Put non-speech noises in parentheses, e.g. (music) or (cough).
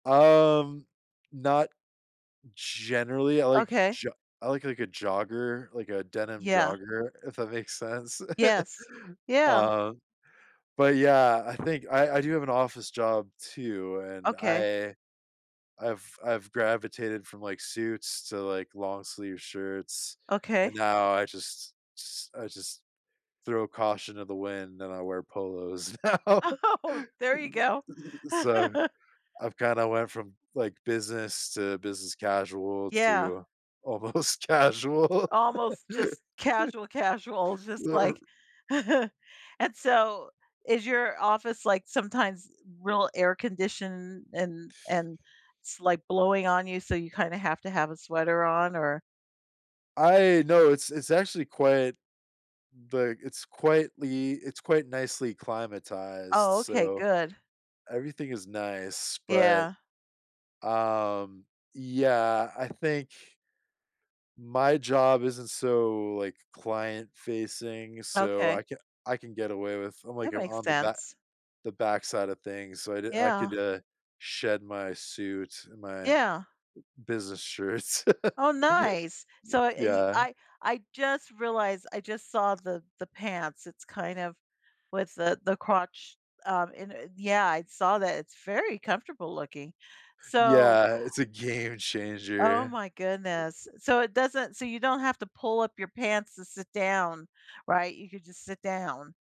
Um, not generally, I like Okay. jo I like, like, a jogger, like a denim Yeah. jogger, if that makes sense? (chuckles) Yes, yeah! Um, but, yeah, I think I I do have an office job too, and Okay. I I've I've gravitated from, like, suits to, like, long sleeve shirts, Okay. and now I just just I just throw caution to the wind and I wear polos now. Oh, there you go. So (laughs) I've kinda went from, like, business to business casual Yeah. to almost casual. Almost just (laughs) casual casuals, just like, (chuckles) and so, is your office, like, sometimes e real air conditioned and and it's, like, blowing on you so you kinda have to have a sweater on? Or I no, it's it's actually quite like, it's quietly it's quite nicely climatized, Oh, okay, so, good. everything is nice, but, Yeah. um, yeah, I think my job isn't so, like, client-facing, so Okay. I ca I can get away with I'm, like, That I'm makes on the ba sense. the backside of things, so I d I Yeah. could, uh, shed my suit and my Yeah. b business shirts, Oh, nice! So (chuckles) y I y yeah. I I just realized I just saw the the pants, it's kind of with the the crotch, um, and and yeah. I saw that, it's very comfortable looking! So Yeah, it's a game Oh changer. my goodness. So, it doesn't so you don't have to pull up your pants to sit down, right? You could just sit down.